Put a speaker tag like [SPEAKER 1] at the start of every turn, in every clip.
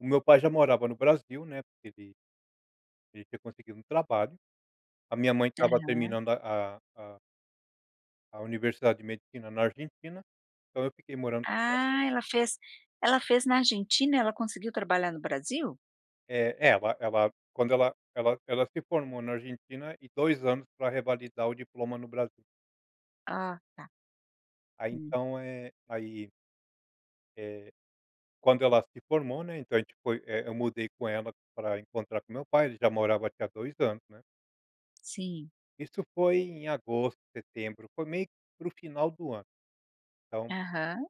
[SPEAKER 1] O meu pai já morava no Brasil, né, porque ele ele tinha conseguido um trabalho. A minha mãe estava
[SPEAKER 2] Aham.
[SPEAKER 1] terminando a a a a universidade de Medicina na Argentina, então, eu fiquei morando fora.
[SPEAKER 2] Ah, ela fez ela fez na Argentina ela conseguiu trabalhar no Brasil?
[SPEAKER 1] Eh, é. Ela ela quando ela ela ela se formou na Argentina e 2 anos pra revalidar o diploma no Brasil.
[SPEAKER 2] Ah, tá.
[SPEAKER 1] Aí,
[SPEAKER 2] Hum.
[SPEAKER 1] então é aí eh, quando ela se formou, né, então, a gente foi, eh, eu mudei com ela pra encontrar com o meu pai ele já morava aqui há 2 anos, né.
[SPEAKER 2] Sim.
[SPEAKER 1] Isso foi em agosto, setembro. Foi meio que para o final do ano. Então
[SPEAKER 2] Aham.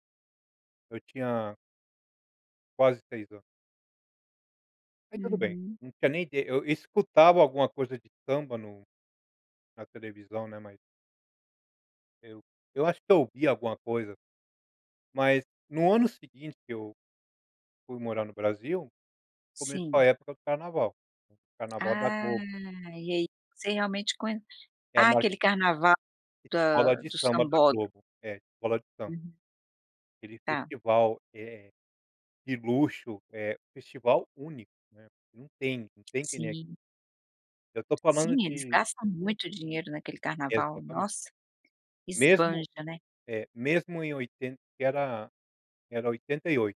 [SPEAKER 1] Eu tinha quase 6 anos. Mas tudo bem.
[SPEAKER 2] Uhum.
[SPEAKER 1] Não tinha nem ide eu escutava alguma coisa de samba no na televisão, né, mas eu eu acho que eu ouvia alguma coisa. Mas, no ano seguinte que eu fui morar no Brasil, começou a
[SPEAKER 2] Sim.
[SPEAKER 1] época do Carnaval. O Carnaval da
[SPEAKER 2] Ah,
[SPEAKER 1] Globo.
[SPEAKER 2] e aí, você realmente conhe
[SPEAKER 1] É a
[SPEAKER 2] ah,
[SPEAKER 1] maior
[SPEAKER 2] aquele Carnava da
[SPEAKER 1] Escola de
[SPEAKER 2] do
[SPEAKER 1] samba da
[SPEAKER 2] sambódromo.
[SPEAKER 1] Globo. É, escola de samba.
[SPEAKER 2] Uhum.
[SPEAKER 1] Aquele
[SPEAKER 2] Tá.
[SPEAKER 1] festival, eh, de luxo, eh, festival único, né, porque não tem não tem que nem aquele.
[SPEAKER 2] Sim.
[SPEAKER 1] Eu tô falando
[SPEAKER 2] Sim, eles
[SPEAKER 1] de
[SPEAKER 2] gastam muito dinheiro naquele Carnaval,
[SPEAKER 1] Exatamente.
[SPEAKER 2] nossa.
[SPEAKER 1] Mesmo,
[SPEAKER 2] Esbanja, né.
[SPEAKER 1] eh, mesmo em oitenta que era era 88.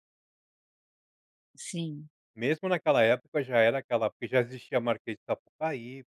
[SPEAKER 2] Sim.
[SPEAKER 1] Mesmo naquela época, já era aquela porque já existia a Marquês de Sapucaí.